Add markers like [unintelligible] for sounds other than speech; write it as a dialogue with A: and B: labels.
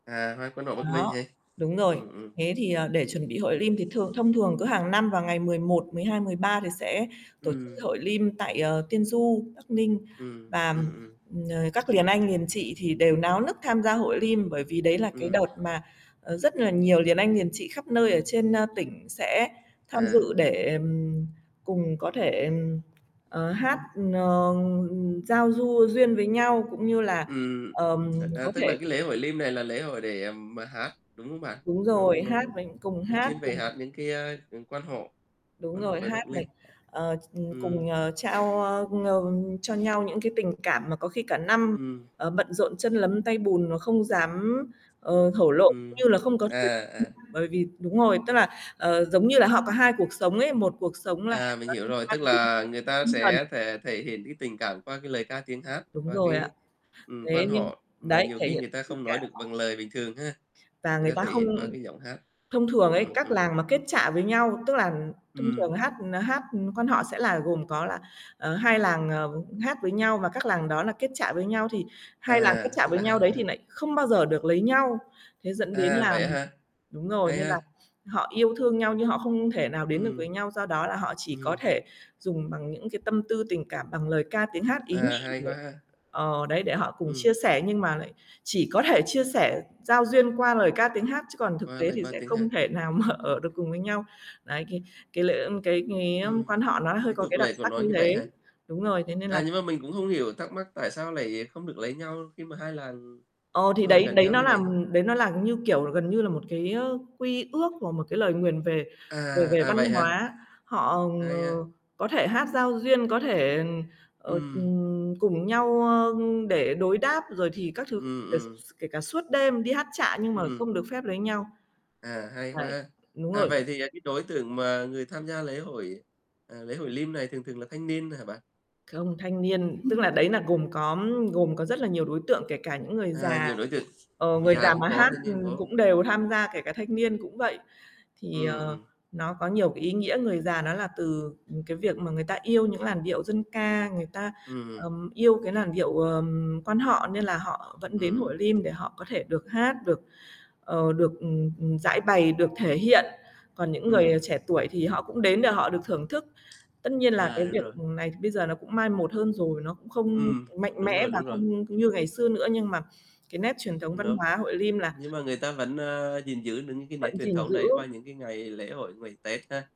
A: À, hát Quan họ Bắc Ninh
B: Đó,
A: hè.
B: đúng rồi.
A: Ừm, ừm.
B: Thế thì, ờ, để chuẩn bị Hội Lim thì thường thông thường cứ hàng năm vào ngày 11, 12, 13 thì sẽ tổ
A: Ừm.
B: Hội Lim tại, ờ, Tiên Du, Bắc Ninh
A: Ừm,
B: và,
A: ừm, ừm.
B: ừm, ờ, các liền anh, liền chị thì đều náo nức tham gia Hội Lim, bởi vì đấy là cái
A: Ừm.
B: đợt mà, ờ, rất là nhiều liền anh, liền chị khắp nơi ở trên, a, tỉnh sẽ tham
A: À.
B: dự để, ừm, cùng có thể, ừm, ờ, hát, ờ, ừ, giao du duyên với nhau, cũng như là,
A: Ừm,
B: ờm,
A: à, à,
B: có
A: tức
B: thể
A: là cái lễ Hội Lim này là lễ hội để, ừm, mà hát, đúng không bạn?
B: Đúng
A: Nó
B: rồi,
A: nó
B: hát mình cùng
A: nó
B: hát
A: chuyên về
B: cùng
A: hát những cái, a, ừ, Quan họ,
B: Đúng
A: Quan họ
B: rồi,
A: về Bắc
B: hát này,
A: linh.
B: ờ, ch
A: Ừm.
B: cùng, ờ, trao, a, ờ, cho nhau những cái tình cảm mà có khi cả năm,
A: Ừm.
B: ờ, bận rộn chân lấm tay bùn mà không dám, ờ, thổ lộ cũng
A: Ừm,
B: như là không có
A: à, à, à.
B: [unintelligible] bởi vì đúng rồi, tức là, ờ, giống như là họ có hai cuộc sống ấy, một cuộc sống là
A: À, mình
B: nó
A: hiểu
B: liên
A: rồi.
B: quan
A: Tức
B: đến
A: là người ta
B: tinh thần
A: sẽ thể thể hiện cái tình cảm qua cái lời ca tiếng hát,
B: Đúng
A: qua
B: rồi ạ.
A: cái ừm,
B: Thế
A: Quan
B: nhưng
A: họ mà
B: đấy,
A: nhiều
B: thể
A: khi
B: hiện
A: người ta
B: tình
A: không nói
B: cảm.
A: được bằng lời bình thường ha,
B: Và
A: người
B: người
A: ta
B: ta
A: thể
B: không
A: hiện qua cái giọng hát.
B: thông thường ấy,
A: Ừm,
B: các
A: ừm.
B: làng mà kết chạ với nhau, tức là thông thường
A: Ừm.
B: hát, ừm, hát, ừ, Quan họ sẽ là gồm có là, ờ, 2 làng, ờ, hát với nhau và các làng đó là kết chạ với nhau thì 2 làng kết
A: À,
B: chạ
A: tức
B: với
A: là
B: nhau
A: 2
B: đấy
A: làng
B: thì
A: ha.
B: nại không bao giờ được lấy nhau. Thế dẫn đến
A: À,
B: là
A: vậy á hả?
B: đúng rồi,
A: Hay
B: nên là
A: ha.
B: họ yêu thương nhau, nhưng họ không thể nào đến được với
A: Ừm.
B: nhau, do đó là họ chỉ có
A: Ừm.
B: thể dùng bằng những cái tâm tư tình cảm, bằng lời ca tiếng hát ý
A: À,
B: nhị
A: hay
B: để
A: quá ha.
B: ờ, đấy để họ cùng chia
A: Ừm.
B: sẻ. Nhưng mà lại chỉ có thể chia sẻ giao duyên qua lời ca tiếng hát chứ còn thực
A: Qua
B: tế
A: lời
B: thì
A: qua
B: sẽ
A: tiếng
B: không
A: hát.
B: thể nào mà ở được cùng với nhau. Đấy, cái cái lễ ờm, cái cái, ờm,
A: Ừm,
B: quan họ nó hơi
A: cái
B: có
A: tục
B: cái đặc
A: lệ của
B: sắc
A: nó
B: như
A: như vậy
B: thế.
A: hả?
B: Đúng rồi, thế nên là
A: À, nhưng mà mình cũng không hiểu, thắc mắc tại sao lại không được lấy nhau khi mà 2 làng
B: Ờ, thì
A: nó ở
B: đấy
A: gần
B: đấy
A: nhau
B: nó
A: như
B: làm
A: vậy?
B: đấy nó là, như kiểu, là gần như là một cái, ơ, quy ước hoặc một cái lời nguyền về
A: À,
B: về về
A: à,
B: văn
A: vậy hả?
B: hóa. Họ, ờ,
A: Hay ha.
B: có thể hát giao duyên, có thể, ờ,
A: Ừm.
B: ừm, cùng nhau, ờ, để đối đáp rồi thì các thứ,
A: Ừm,
B: kể s
A: ừm.
B: kể cả suốt đêm đi hát chạ, nhưng mà không
A: Ừm.
B: được phép lấy nhau.
A: À, hay quá
B: Đấy,
A: ha.
B: đúng
A: À,
B: rồi.
A: vậy thì, à, cái đối tượng mà người tham gia lễ hội, à, lễ Hội Lim này thường thường là thanh niên hả bạn?
B: Không, thanh niên tức là đấy là gồm có gồm có rất là nhiều đối tượng kể cả những người
A: À,
B: già,
A: nhiều đối tượng,
B: ờ,
A: người
B: người
A: già
B: già
A: cũng
B: mà
A: có,
B: hát,
A: thanh niên
B: ừm,
A: có.
B: cũng đều tham gia kể cả thanh niên cũng vậy. Thì,
A: Ừm,
B: ờ,
A: ừm.
B: nó có nhiều cái ý nghĩa. Người già nó là từ, ừm, cái việc mà người ta yêu những làn điệu dân ca, người ta,
A: Ừm hưm.
B: ờm, yêu cái làn điệu, ờm, Quan họ nên là họ vẫn đến
A: Ừm.
B: Hội Lim để họ có thể được hát, được, ờ, được, ừm, ừm, giãi bày, được thể hiện. Còn những người
A: Ừm.
B: trẻ tuổi thì họ cũng đến để họ được thưởng thức. Tất nhiên là
A: À,
B: cái
A: đúng
B: việc,
A: rồi.
B: ừm, này bây giờ nó cũng mai một hơn rồi, nó cũng không
A: Ừm, c
B: mạnh
A: đúng
B: mẽ
A: rồi,
B: và
A: đúng rồi.
B: không như ngày xưa nữa nhưng mà cái nét truyền thống
A: Ừm,
B: văn
A: đúng.
B: hóa Hội Lim là
A: Nhưng mà người ta vẫn, ơ, gìn giữ được những cái nét
B: vẫn
A: truyền
B: gìn
A: thống đấy
B: giữ.
A: qua những cái ngày lễ hội, ngày Tết ha.